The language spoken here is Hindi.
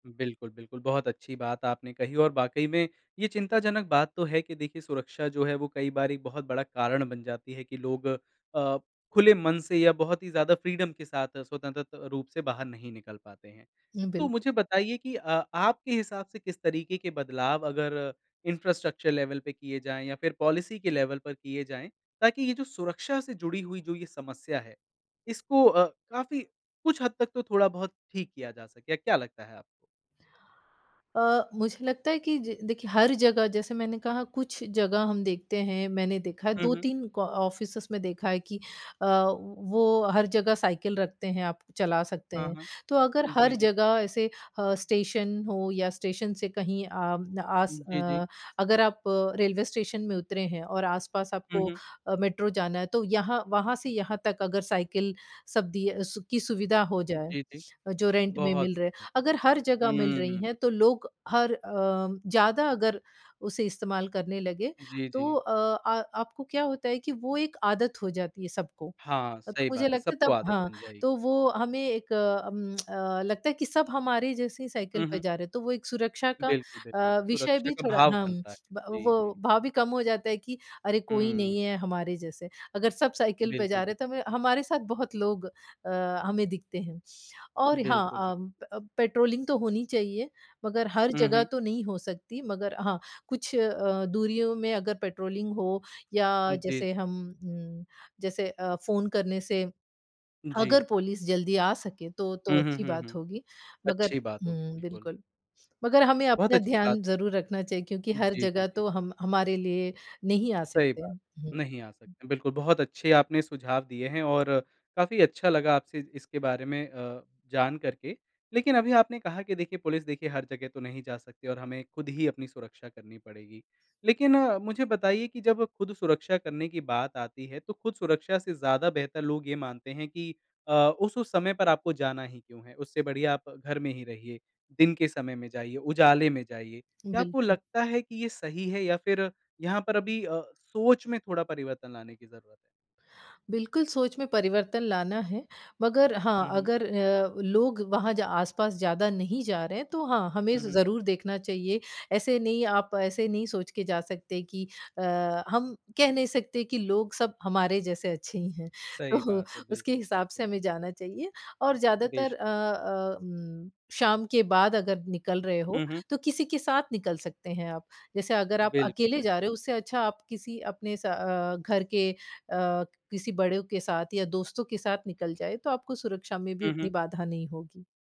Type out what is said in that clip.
बिल्कुल, बिल्कुल। बहुत अच्छी बात आपने कही और वाक़ई में ये चिंताजनक बात तो है कि देखिए सुरक्षा जो है वो कई बार एक बहुत बड़ा कारण बन जाती है कि लोग अ, खुले मन से या बहुत ही ज़्यादा फ्रीडम के साथ स्वतंत्र त रूप से बाहर नहीं निकल पाते हैं। हुँ, तो बिल्क मुझे बताइए कि अ, आपके हिसाब से किस तरीके के बदलाव अगर इंफ्रास्ट्रक्चर लेवल पे किए जाएँ या फिर पॉलिसी के लेवल पर किए जाएँ, ताकि ये जो सुरक्षा से जुड़ी हुई जो ये समस्या है इसको अ, काफ़ी कुछ हद तक तो थोड़ा-बहुत ठीक किया जा सके? क्या लगता है आपको? अ, मुझे लगता है कि जी देखिए हर जगह जैसे मैंने कहा कुछ जगह हम देखते हैं, मैंने देखा है हुँ, दो हुँ। तीन का ऑफिसेस में देखा है कि अ, वो हर जगह साइकिल रखते हैं आप चला सकते हाँ, हैं। हाँ। तो अगर जी, हर जी। जगह ऐसे अ, स्टेशन हो या स्टेशन से कहीं अ, आस उम, जी, जी। अ, अगर आप रेलवे स्टेशन में उतरे हैं और आस-पास हुँ, आपको हुँ। अ, मेट्रो जाना है तो यहाँ वहाँ से यहाँ तक अगर साइकिल सब दी है, सु की सुविधा हो जाए, जी, जी। जो रेंट में बहुत। मिल रहे है। अगर हर जगह मिल रही हम्म। हैं तो लोग हर अ, ज़्यादा अगर उसे इस्तेमाल करने लगे, जी, तो जी। अ आ आपको क्या होता है कि वो एक आदत हो जाती है सबको। हाँ, अ, तो सही मुझे बात है। लगता है सबको तब आदत हाँ, बन जाएगी। तो वो हमें एक अम अ, लगता है कि सब हमारे जैसी साइकिल हुँ, पे हुँ। जा रहे तो वो एक सुरक्षा का बिल्कुल, बिल्कुल। अ, विषय सुरक्षा भी का थोड़ा भाव हम्म, बनता है, ब जी, जी। वो भाव भी कम हो जाता है कि अरे! कोई नहीं हुँ। है हमारे जैसे। अगर सब साइकिल पे बिल्कुल जा रहे बिल हैं तो हमे हमारे साथ बहुत लोग अ, हमें दिखते हैं और हाँ, बिल्कुल बिल अम, प पेट्रोलिंग तो होनी चाहिए मगर हर हुँ, जगह हुँ। तो नहीं हो सकती मगर हाँ, कुछ अ, दूरियों में अगर पेट्रोलिंग हो या जी, जी। जैसे हम उम, जैसे अ, फ़ोन करने से अगर जी। पुलिस जल्दी आ सके तो, तो हुँ, हुँ, अच्छी हुँ, बात हुँ। होगी। मगर अच्छी बात होगी, हुँ, बिल्कुल। बिल्कुल। मगर हमें बहुत अपना अच्छी बात। ध्यान ज़रूर रखना चाहिए क्योंकि हर जी, जी, जगह जी। तो हम हमारे लिए नहीं आ सही सकते बात, हैं। हुँ। नहीं आ सकते। बिल्कुल बहुत अच्छे आपने सुझाव दिए हैं और काफ़ी अच्छा लगा आपसे इसके बारे में अ, जान करके। लेकिन अभी आपने कहा कि देखिए पुलिस देखिए हर जगह तो नहीं जा सकती और हमें खुद ही अपनी सुरक्षा करनी पड़ेगी। लेकिन मुझे बताइए कि जब खुद सुरक्षा करने की बात आती है, तो खुद सुरक्षा से ज़्यादा बेहतर लोग ये मानते हैं कि अ, उस-उस समय पर आपको जाना ही क्यों है, उससे बढ़िया आप घर में ही रहिए, दिन के समय में जाइए, उजाले में जाइए, क्या आपको बिल्कुल। लगता है कि ये सही है या फिर यहाँ पर अभी अ, सोच में थोड़ा परिवर्तन लाने की ज़रूरत है? बिल्कुल, सोच में परिवर्तन लाना है। मगर हाँ, हुँ, हुँ। अगर अ, लोग वहाँ ज आस-पास ज़्यादा नहीं जा रहे हैं तो हाँ, हमें हुँ, ज़ हुँ। ज़रूर देखना चाहिए। ऐसे नहीं आप ऐसे नहीं सोच के जा सकते कि अ, हम कह नहीं सकते कि लोग सब हमारे जैसे अच्छे ही हैं। सही तो बात है, उसके बिल्कुल, हिसाब बिल्कुल। से हमें जाना चाहिए और ज़्यादातर बेश अ अ, उम, शाम के बाद अगर निकल रहे हो हुँ, हुँ। तो किसी के साथ निकल सकते हैं आप। जैसे अगर आप बिल्कुल, अकेले जा रहे बिल्कुल। हो उससे अच्छा आप किसी अपने स अ, घर के अ, किसी बड़ों के साथ या दोस्तों के साथ निकल जाए तो आपको सुरक्षा में भी हुँ, उतनी हुँ। बाधा नहीं होगी।